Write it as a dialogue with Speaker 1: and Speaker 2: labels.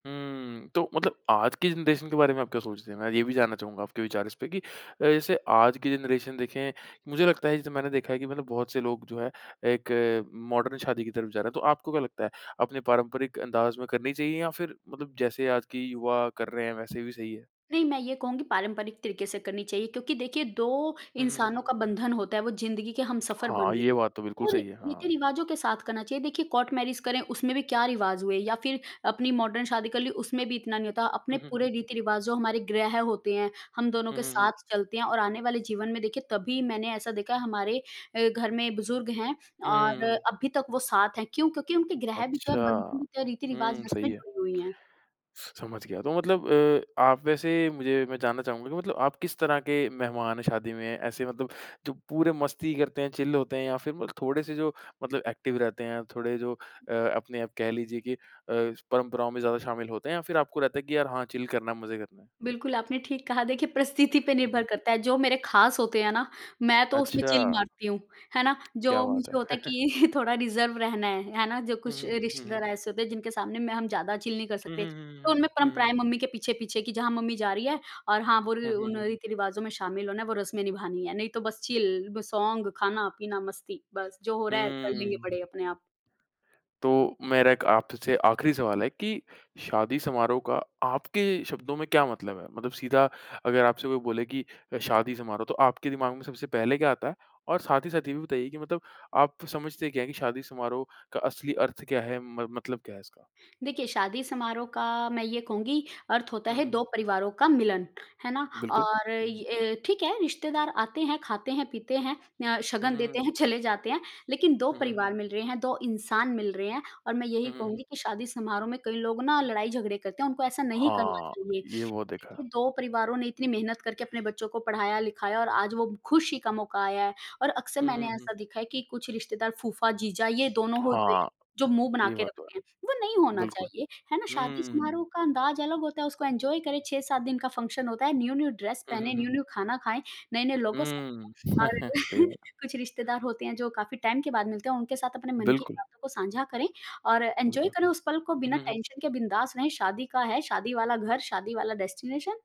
Speaker 1: हुँ, तो मतलब आज की जनरेशन के बारे में आप क्या सोचते हैं? मैं ये भी जानना चाहूँगा आपके विचार इसपे कि अ, जैसे आज की जनरेशन देखें, मुझे लगता है जैसे मैंने देखा है कि मतलब बहुत से लोग जो है एक मॉडर्न शादी की तरफ जा रहे हैं। तो आपको क्या लगता है? अपने पारंपरिक अंदाज में करनी चाहिए या फिर मतलब जैसे आज की युवा कर रहे हैं वैसे भी सही है?
Speaker 2: नहीं, मैं ये कहूँगी पारंपरिक तरीके से करनी चाहिए क्योंकि देखिए 2
Speaker 1: हुँ, हुँ, हुँ,
Speaker 2: इंसानों
Speaker 1: हुँ।
Speaker 2: का बंधन होता है वो ज़िंदगी के हमसफर बन
Speaker 1: हाँ,
Speaker 2: रहे
Speaker 1: ये
Speaker 2: हैं,
Speaker 1: बात तो बिल्कुल
Speaker 2: और
Speaker 1: सही है। हाँ।
Speaker 2: रीति-रिवाजों के साथ करना चाहिए देखिए कोर्ट मैरेज करें उसमें भी क्या रिवाज हुए या फिर अपनी मॉडर्न शादी कर ली उसमें भी इतना नहीं होता अपने
Speaker 1: हुँ, हुँ,
Speaker 2: पूरे
Speaker 1: हुँ।
Speaker 2: रीति-रिवाज़ जो हमारे ग्रह होते हैं, हम दोनों
Speaker 1: हुँ,
Speaker 2: के
Speaker 1: हुँ, हुँ।
Speaker 2: साथ चलते हैं और आने वाले जीवन में देखिए तभी मैंने ऐसा देखा है हमारे अ, घर में बुजुर्ग हैं
Speaker 1: हुँ,
Speaker 2: और
Speaker 1: हुँ, हुँ।
Speaker 2: अभी तक वो साथ हैं क्यों? क्योंकि उनके ग्रह भी तो
Speaker 1: अच्छा।
Speaker 2: है बंधन भी तो हैं रीति-रिवाज
Speaker 1: हुँ, सही
Speaker 2: उसमे
Speaker 1: है।
Speaker 2: जुड़ी हुई हैं।
Speaker 1: समझ गया, तो मतलब अ, आप वैसे मुझे मैं जानना चाहूँगा कि मतलब आप किस तरह के मेहमान हैं शादी में ऐसे मतलब जो पूरे मस्ती करते हैं, चिल होते हैं या फिर थोड़े-से जो मतलब एक्टिव रहते हैं, थोड़े जो अ, अपने आप कह लीजिए की अ, परंपराओं में ज़्यादा शामिल होते हैं या फिर आपको रहता है कि यार हाँ, चिल करना है मज़े करना है।
Speaker 2: बिल्कुल, आपने ठीक कहा देखिए परिस्थिति पे
Speaker 1: हुँ,
Speaker 2: निर्भर
Speaker 1: हुँ।
Speaker 2: करता है जो मेरे ख़ास होते हैं ना, मैं तो उसमें चिल
Speaker 1: अच्छा।
Speaker 2: मारती हूँ, है ना?
Speaker 1: क्या
Speaker 2: जो
Speaker 1: बात
Speaker 2: मुझे
Speaker 1: है।
Speaker 2: होता है कि थोड़ा रिजर्व रहना है, है ना? जो
Speaker 1: हुँ,
Speaker 2: कुछ
Speaker 1: हुँ, हुँ, हुँ, हुँ।
Speaker 2: रिश्तेदार ऐसे होते हैं जिनके सामने में हम ज़्यादा चिल नहीं कर
Speaker 1: हुँ,
Speaker 2: सकते,
Speaker 1: हुँ, हुँ,
Speaker 2: तो
Speaker 1: हुँ,
Speaker 2: उनमें
Speaker 1: हुँ, हुँ, हुँ।
Speaker 2: परंपराएँ मम्मी के पीछे-पीछे की जहाँ मम्मी जा रही है और हाँ, वो
Speaker 1: हुँ, हुँ,
Speaker 2: उन
Speaker 1: हुँ।
Speaker 2: रीति-रिवाजों में शामिल होना है वो रस्में निभानी है, नहीं तो बस चिल सॉन्ग खाना-पीना मस्ती बस, जो हो रहा है कर लेंगे
Speaker 1: हुँ।
Speaker 2: बड़े अपने आप।
Speaker 1: तो, मेरा आपसे आखरी सवाल है कि शादी समारोह का आपके शब्दों में क्या मतलब है? मतलब सीधा अगर आपसे कोई बोले कि शादी समारोह, तो आपके दिमाग में सबसे पहले क्या आता है, और साथ ही साथ ये भी बताइए कि मतलब आप समझते क्या है कि शादी समारोह का असली अर्थ क्या है? मत मतलब क्या है इसका?
Speaker 2: देखिए शादी समारोह का मैं ये कहूँगी अर्थ होता
Speaker 1: हुँ,
Speaker 2: है
Speaker 1: हुँ,
Speaker 2: 2
Speaker 1: हुँ।
Speaker 2: परिवारों का मिलन, है ना?
Speaker 1: बिल्कुल,
Speaker 2: और
Speaker 1: हुँ।
Speaker 2: अ, ठीक है रिश्तेदार आते हैं, खाते हैं, पीते हैं, अ,
Speaker 1: हुँ,
Speaker 2: शगन
Speaker 1: हुँ,
Speaker 2: देते
Speaker 1: हुँ।
Speaker 2: हैं, चले जाते हैं। लेकिन 2
Speaker 1: हुँ, हुँ।
Speaker 2: परिवार मिल रहे हैं, 2 इंसान मिल रहे हैं, और मैं यही
Speaker 1: हुँ, हुँ, हुँ।
Speaker 2: कहूँगी कि शादी समारोह में कई लोग ना लड़ाई-झगड़े करते हैं, उनको ऐसा नहीं करना
Speaker 1: हाँ,
Speaker 2: चाहिए।
Speaker 1: ये बहुत देखा है।
Speaker 2: देखिए 2 परिवारों ने इतनी मेहनत करके अपने बच्चों को पढ़ाया-लिखाया और आज वो खुशी का मौका आया है, और अक्सर
Speaker 1: हुँ, हुँ,
Speaker 2: मैंने
Speaker 1: हुँ।
Speaker 2: ऐसा देखा है कि कुछ रिश्तेदार फूफा-जीजा ये दोनों होते हैं
Speaker 1: हाँ,
Speaker 2: जो मुँह बना
Speaker 1: ये
Speaker 2: के
Speaker 1: बात तो
Speaker 2: रखते हैं, वो नहीं
Speaker 1: है।
Speaker 2: होना
Speaker 1: बिल्कुल,
Speaker 2: चाहिए, है ना शादी
Speaker 1: हुँ।
Speaker 2: समारोह का अंदाज अलग होता है उसको एन्जॉय करें 6-7 दिन का फंक्शन होता है, न्यू-न्यू ड्रेस
Speaker 1: हुँ, हुँ,
Speaker 2: पहने,
Speaker 1: हुँ।
Speaker 2: न्यू-न्यू खाना खाएँ, नए-नए लोगों से
Speaker 1: हुँ,
Speaker 2: मिलें और
Speaker 1: सही बात है।
Speaker 2: कुछ रिश्तेदार होते हैं जो काफ़ी टाइम के बाद मिलते हैं और उनके साथ अपने मन की
Speaker 1: बिल्कुल।
Speaker 2: बातों को साझा करें और एन्जॉय
Speaker 1: बिल्कुल।
Speaker 2: करें उस पल को
Speaker 1: हुँ,
Speaker 2: बिना
Speaker 1: हुँ, हुँ।
Speaker 2: टेंशन के बिंदास रहें शादी का है शादी वाला घर, शादी वाला डेस्टिनेशन।